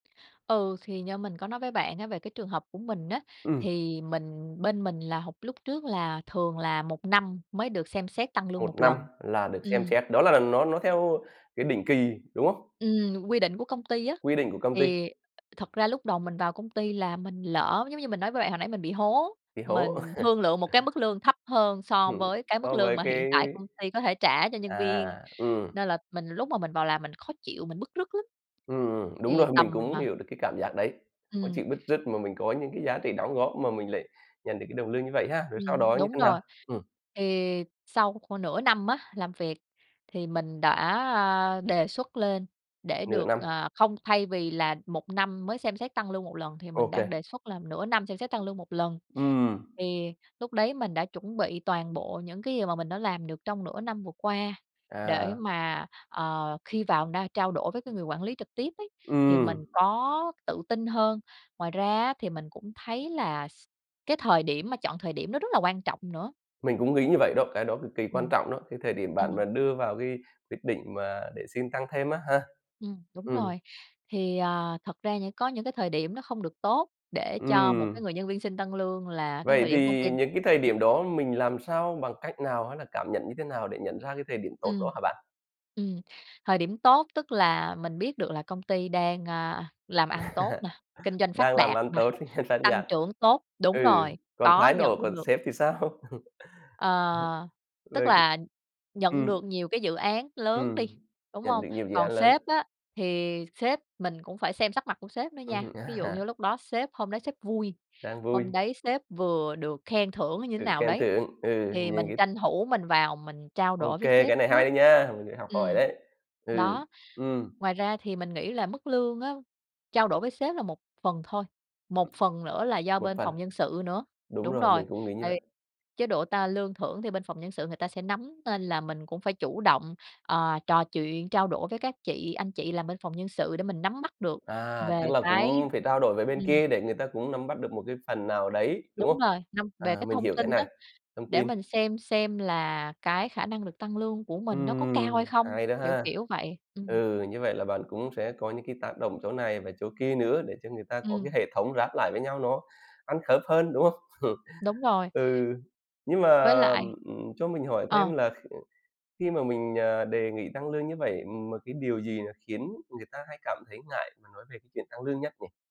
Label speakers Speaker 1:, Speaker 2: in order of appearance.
Speaker 1: Ừ, thì như mình có nói với bạn á về cái trường hợp của mình á,
Speaker 2: Ừm.
Speaker 1: thì mình bên mình là họp lúc trước là thường là 1 năm mới được xem xét tăng lương
Speaker 2: 1
Speaker 1: 1
Speaker 2: năm
Speaker 1: lần.
Speaker 2: là được xem
Speaker 1: Ừm.
Speaker 2: xét, đó là nó nó theo cái định kỳ, đúng không?
Speaker 1: Ừm, quy định của công ty á,
Speaker 2: Quy định của công ty.
Speaker 1: thì thật ra lúc đầu mình vào công ty là mình lỡ giống như mình nói với bạn hồi nãy mình bị hố.
Speaker 2: Bị hố.
Speaker 1: Mình thương lượng một cái mức lương thấp hơn so
Speaker 2: Ừm,
Speaker 1: với cái mức
Speaker 2: so
Speaker 1: lương
Speaker 2: với
Speaker 1: mà hiện
Speaker 2: cái
Speaker 1: tại công ty có thể trả cho nhân
Speaker 2: à,
Speaker 1: viên.
Speaker 2: ừm.
Speaker 1: Nên là mình lúc mà mình vào làm mình khó chịu, mình bứt rứt lắm.
Speaker 2: Ừm, ừm, đúng
Speaker 1: Thì
Speaker 2: rồi. Mình
Speaker 1: tầm,
Speaker 2: cũng
Speaker 1: à
Speaker 2: hiểu được cái cảm giác đấy, khó
Speaker 1: Ừm.
Speaker 2: chịu, bứt rứt mà mình có những cái giá trị đóng góp mà mình lại nhận được cái đồng lương như vậy ha, rồi sau
Speaker 1: Ừm,
Speaker 2: đó như
Speaker 1: đúng
Speaker 2: thế nào?
Speaker 1: rồi.
Speaker 2: Ừm.
Speaker 1: Thì sau khoảng nửa năm á, làm việc thì mình đã, a, đề xuất lên để
Speaker 2: Nửa
Speaker 1: được,
Speaker 2: năm.
Speaker 1: à không, thay vì là 1 năm mới xem xét tăng lương 1 lần thì mình đang
Speaker 2: OK.
Speaker 1: đề xuất là nửa năm xem xét tăng lương 1 lần.
Speaker 2: Ừm.
Speaker 1: Thì lúc đấy mình đã chuẩn bị toàn bộ những cái gì mà mình đã làm được trong nửa năm vừa qua, để
Speaker 2: À.
Speaker 1: mà, ờ, khi vào na trao đổi với cái người quản lý trực tiếp ấy, thì
Speaker 2: Ừm.
Speaker 1: mình có tự tin hơn. Ngoài ra á, thì mình cũng thấy là s cái thời điểm mà chọn thời điểm nó rất là quan trọng nữa.
Speaker 2: Mình cũng nghĩ như vậy đó, cái đó cực kỳ quan
Speaker 1: Ừm.
Speaker 2: trọng đó, cái thời điểm bạn
Speaker 1: Ừm.
Speaker 2: mà đưa vào cái quyết định mà để xin tăng thêm á ha.
Speaker 1: Ừm, đúng
Speaker 2: Ừm.
Speaker 1: rồi. Thì, à, thật ra những có những cái thời điểm nó không được tốt để cho một cái
Speaker 2: Ừm.
Speaker 1: người nhân viên xin tăng lương là cái
Speaker 2: Vậy
Speaker 1: thời điểm công ty
Speaker 2: thì những cái thời điểm đó mình làm sao, bằng cách nào? Hay là cảm nhận như thế nào để nhận ra cái thời điểm tốt
Speaker 1: Ừm.
Speaker 2: đó hả bạn?
Speaker 1: Ừm, thời điểm tốt tức là mình biết được là công ty đang, a, làm ăn tốt nè, kinh doanh phát
Speaker 2: Đang làm
Speaker 1: đạt
Speaker 2: ăn
Speaker 1: nè,
Speaker 2: tốt
Speaker 1: tăng trưởng tốt
Speaker 2: [unintelligible]
Speaker 1: đúng
Speaker 2: ừ,
Speaker 1: rồi,
Speaker 2: còn
Speaker 1: có
Speaker 2: thái
Speaker 1: nhận
Speaker 2: độ của
Speaker 1: được
Speaker 2: sếp thì sao?
Speaker 1: Ờ, tức
Speaker 2: Rồi,
Speaker 1: là
Speaker 2: ừ
Speaker 1: nhận
Speaker 2: ừm,
Speaker 1: được nhiều cái dự án lớn đi,
Speaker 2: ừm,
Speaker 1: đúng
Speaker 2: nhận
Speaker 1: hông?
Speaker 2: được nhiều dự án
Speaker 1: Còn
Speaker 2: lớn.
Speaker 1: sếp á, thì sếp mình cũng phải xem sắc mặt của sếp nữa nha.
Speaker 2: Ừm,
Speaker 1: Ví dụ như
Speaker 2: à.
Speaker 1: lúc đó sếp hôm đấy sếp vui,
Speaker 2: Đang
Speaker 1: hôm
Speaker 2: vui.
Speaker 1: đấy sếp vừa được khen thưởng như thế
Speaker 2: Được
Speaker 1: nào
Speaker 2: khen
Speaker 1: đấy,
Speaker 2: thưởng. Ừ,
Speaker 1: thì
Speaker 2: những
Speaker 1: mình
Speaker 2: cái
Speaker 1: tranh thủ mình vào mình trao đổi
Speaker 2: OK,
Speaker 1: với sếp
Speaker 2: cái này
Speaker 1: trước.
Speaker 2: hay nha! Mình phải học hỏi
Speaker 1: Ừm,
Speaker 2: đấy. Ừ,
Speaker 1: đó.
Speaker 2: ừm.
Speaker 1: Ngoài ra thì mình nghĩ là mức lương á, trao đổi với sếp là một phần thôi, một phần nữa là do
Speaker 2: Một
Speaker 1: bên
Speaker 2: phần.
Speaker 1: phòng nhân sự nữa.
Speaker 2: Đúng
Speaker 1: Đúng
Speaker 2: rồi,
Speaker 1: rồi,
Speaker 2: mình cũng nghĩ như
Speaker 1: tại
Speaker 2: vậy.
Speaker 1: vì chế độ ta lương thưởng thì bên phòng nhân sự người ta sẽ nắm, nên là mình cũng phải chủ động, à, trò chuyện, trao đổi với các chị anh chị làm bên phòng nhân sự để mình nắm bắt được
Speaker 2: À,
Speaker 1: về
Speaker 2: tức là
Speaker 1: cái
Speaker 2: cũng phải trao đổi với bên
Speaker 1: ừm.
Speaker 2: kia để người ta cũng nắm bắt được một cái phần nào đấy, đúng
Speaker 1: Đúng
Speaker 2: không?
Speaker 1: rồi, năm
Speaker 2: À,
Speaker 1: về cái
Speaker 2: mình
Speaker 1: thông
Speaker 2: hiểu
Speaker 1: tin
Speaker 2: cái
Speaker 1: á,
Speaker 2: này, thông
Speaker 1: để
Speaker 2: tin.
Speaker 1: mình xem xem là cái khả năng được tăng lương của mình nó có cao
Speaker 2: Ừm,
Speaker 1: hay không,
Speaker 2: hay đó
Speaker 1: kiểu,
Speaker 2: ha.
Speaker 1: kiểu vậy. Ừm.
Speaker 2: Ừ, như vậy là bạn cũng sẽ có những cái tác động chỗ này và chỗ kia nữa để cho người ta có cái
Speaker 1: Ừm.
Speaker 2: hệ thống ráp lại với nhau nó ăn khớp hơn, đúng không?
Speaker 1: Đúng rồi.
Speaker 2: Ừ. Nhưng mà,
Speaker 1: Với lại
Speaker 2: ừm, cho mình hỏi
Speaker 1: ờ.
Speaker 2: thêm là kh khi mà mình, à, đề nghị tăng lương như vậy mà cái điều gì nó khiến người ta hay cảm thấy ngại mà nói về cái chuyện tăng lương nhất nhỉ?